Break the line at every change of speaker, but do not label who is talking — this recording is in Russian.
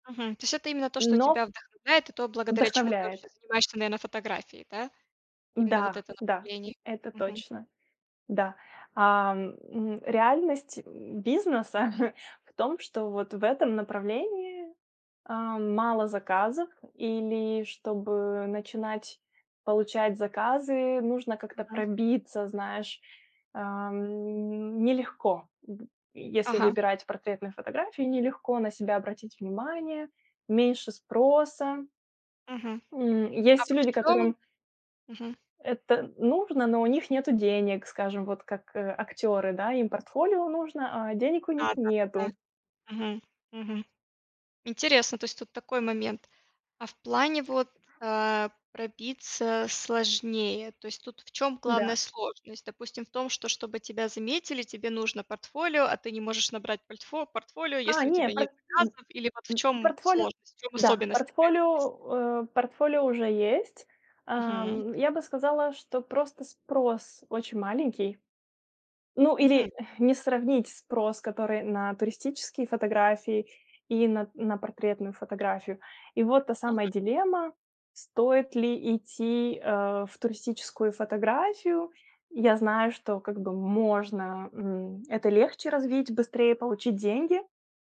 Мгм, то есть это именно то, что
Но
тебя вдохновляет, и то, благодаря чему ты вообще
Вдохновляет.
занимаешься, наверное, фотографией, да? Именно вот
Да,
это
да,
направление.
это
Мгм.
точно. Да. А, м, реальность, м, бизнеса в том, что вот в этом направлении, а, мало заказов или чтобы начинать получать заказы, нужно как-то
Мгм.
пробиться, знаешь, ам, нелегко в Если
Ага.
выбирать портретные фотографии, нелегко на себя обратить внимание, меньше спроса.
Мгм.
М,
А
есть
вот в
люди,
чём
которым
Мгм.
это нужно, но у них нету денег, скажем, вот как, э, актёры, да, им портфолио нужно, а денег у них
Да, да, да, да.
нету.
Мгм, мгм. Интересно, то есть тут такой момент, а в плане вот, э, пробиться сложнее, то есть тут в чём главная
Да.
сложность? Допустим, в том, что, чтобы тебя заметили, тебе нужно портфолио, а ты не можешь набрать польтфо портфолио,
А,
если у
не,
тебя нет
портфо н
заказов, или вот в
м
чём
портфолио,
сложность, в чём
да,
особенность такая вот есть?
портфолио, э, портфолио уже есть.
Мгм.
Ам, я бы сказала, что просто спрос очень маленький. Ну,
Мгм.
или не сравнить спрос, который на туристические фотографии и на на портретную фотографию. И вот та самая
Мгм.
дилемма: стоит ли идти, э, в туристическую фотографию. Я знаю, что как бы можно, м, это легче развить, быстрее получить деньги.